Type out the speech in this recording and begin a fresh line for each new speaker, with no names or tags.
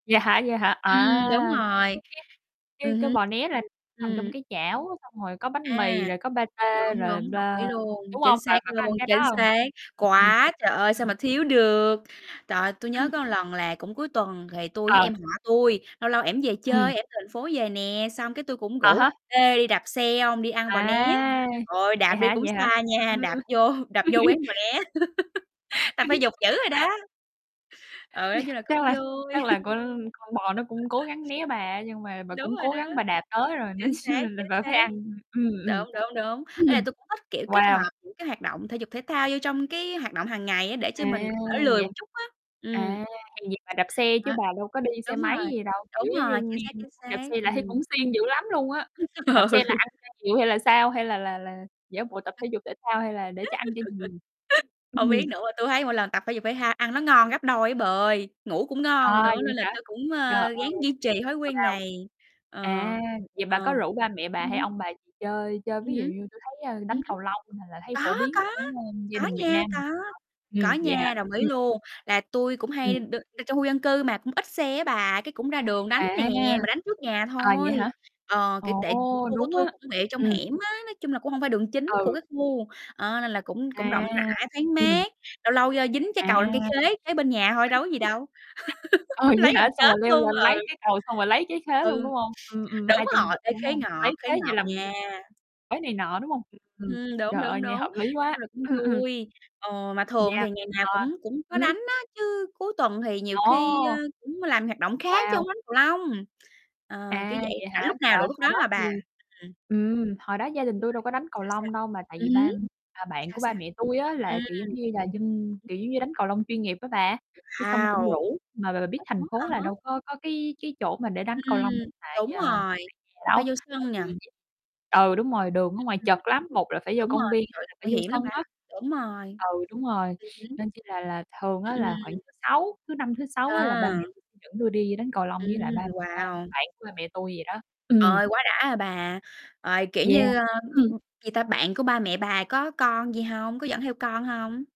Vậy hả? Vậy hả?
Ừm, đúng
À, cái cái
rồi.
cái cái
Ừm
cái
hứm.
bò né là nằm trong
Ừm.
cái chảo, xong rồi có bánh mì
À,
rồi có
đúng,
patê rồi
đúng, đồng ý
bơ,
luôn,
đúng
chính
hông? Bà
xác
bà có ăn
luôn,
cái đó
chính
hông?
xác.
Ừm, ừm.
Có, trời ơi, sao
Ừm.
mà thiếu được. Trời ơi, tui nhớ
Ừm.
có lần là cũng cuối tuần, thì tui với
Ờ.
em họ tui, lâu lâu em về
Ừm.
chơi, em thành phố về nè, xong cái tui cũng
À
rủ:
há.
"Ê, đi đạp xe hông? Đi ăn bò né."
À,
Thời ơi, đạp
vậy
đi
hả,
cũng
vậy hả?
xa nha, đạp
Ừm.
vô đạp vô quán bò né. Tập thể dục dữ rồi đó. Ừ, nói
Yeah,
chung là
chắc
cũng
là chắc
vui.
là con con bò nó cũng cố gắng né bà á, nhưng mà bà
Đúng
cũng
rồi
cố
đó.
gắng bà đạp tới rồi nên
Chính
chi
xác,
là là
chính
bà phải
xác.
ăn. Ừm, ừm.
Đúng, đúng, đúng. Ý là
Ừm,
tui cũng thích kiểu kết
wow!
hợp những cái hoạt động thể dục thể thao vô trong cái hoạt động hàng ngày á, để cho
À,
mình đỡ lười
vậy
một chút á, ừm.
à, vậy bà đạp xe chứ
Đó,
bà đâu có đi xe
đúng
máy
rồi,
gì đâu, kiểu,
đúng rồi,
giống
chính
như,
xác,
nghe
chính
nói đạp
xác,
xe là thấy
ừm.
cũng siêng dữ lắm luôn á. Đạp xe là
Ừ.
ăn cho nhiều hay là sao? Hay là là là giả bộ tập thể dục thể thao hay là để cho ăn cho nhiều? Ừm
Hông
hừm.
biết nữa, mà tui thấy mỗi lần tập thể dục thể thao ăn nó ngon gấp đôi á bà ơi! Ngủ cũng ngon
À,
nữa
vậy
nên là
hả?
tui cũng,
Trời
ơ, ráng
ơi,
duy trì thói quen
wow!
này. Ờ,
À, vậy bà có
ờm.
rủ ba mẹ bà
Ừm
hay
hứm.
ông bà gì chơi chơi
Ừm
ví dụ
hứm.
như tui thấy, ơ, đánh
Ừm hứm.
cầu lông, nà, là thấy
Có,
phổ biến
có,
ở, ơm, gia
có
đình Việt
nha,
Nam mình
có,
rất tốt.
có
Ừm, vậy hả?
nha, đồng ý luôn, là tui cũng
Ừm.
hay đ tr trong khu dân cư mà, cũng ít xe á bà, cái cũng ra đường đánh nè,
À.
mà đánh trước nhà
À, vậy
thôi.
hả?
Ờ, kiểu,
Ồ,
tệ khu của
đúng á.
tui cũng quẹo trong
Ừm.
hẻm á, nói chung là cũng hông phải đường chính của
Ừ.
cái khu, ờ, nên là cũng cũng
À,
rộng rãi, thoáng
ừm.
mát. Lâu lâu, ơ, dính trái cầu
À.
lên cây khế kế bên nhà thôi đâu có gì đâu.
ờ, vậy
Lấy gần
hả? Xong
chết
rồi leo
luôn,
lên
ừ.
lấy cái cầu xong rồi lấy trái khế luôn,
Ừ,
đúng hông? Ừm, ừm,
đúng
2 trong
rồi.
1,
Ê,
đúng
khế
hông?
ngọt,
Lấy
khế
khế như
ngọt
làm
nha.
[unintelligible] này nọ, đúng hông? Ừm, ừm,
Ừm, đúng,
trời ơi,
đúng, đúng.
nghe
Nói
hợp lý quá.
chung là cũng
Ừm, ừm.
vui. Ờ, mà thường
Yeah,
thì ngày nào
ờ,
cũng cũng có
ừm hứm.
đánh á, chứ cuối tuần thì nhiều khi, ơ,
Ồ!
cũng làm hoạt động khác chớ
Wow!
hông đánh cầu lông. Ờ, kiểu
À,
vậy.
vậy
Rảnh
hả?
lúc nào
Trời,
rủ lúc
hồi
đó
đó
à bà.
thì,
Ừm.
ừm, hồi đó gia đình tui đâu có
[unintelligible]
đánh cầu
Sao, sao?
lông đâu mà tại vì
Ừm hứm,
ba à, bạn
sao,
của ba
sao?
mẹ tui á
Ừm.
là, kiểu, giống như là, dân,
Ừm.
kiểu, giống như, đánh cầu lông chuyên nghiệp á bà, cái xong cũng
Wow!
rủ. Mà b bà biết thành
Ủa,
phố
ờ
là
hở.
đâu có có cái cái chỗ mà để đánh cầu lông hiện
Ừm,
tại,
đúng
à,
rồi,
tại nhà
chắc
đâu.
phải vô
Tại
sân nhỉ?
vì ừ, đúng rồi, đường ở
Ưm, ừm.
ngoài chật lắm, một là phải vô
Đúng
công
rồi,
viên, hai
trời,
là phải
nguy
vô
hiểm lắm
sân
bà,
á.
đúng rồi.
Ừ, đúng rồi,
Ừm hứm.
nên chi là là thường
Ừm,
á là khoảng
ừm.
thứ Sáu, thứ Năm, thứ Sáu á là ba mẹ
À.
tui dẫn tui đi đánh cầu lông với lại
Ừm,
ba ba
wow!
bạn của ba mẹ tui vậy đó. Ừm.
Ời, quá đã, à, bà. Ời, kiểu
Yeah.
như, ơ, ưm,
Ừm.
ừm, gì ta, bạn của ba mẹ bà có con gì hông? Có dẫn theo con hông?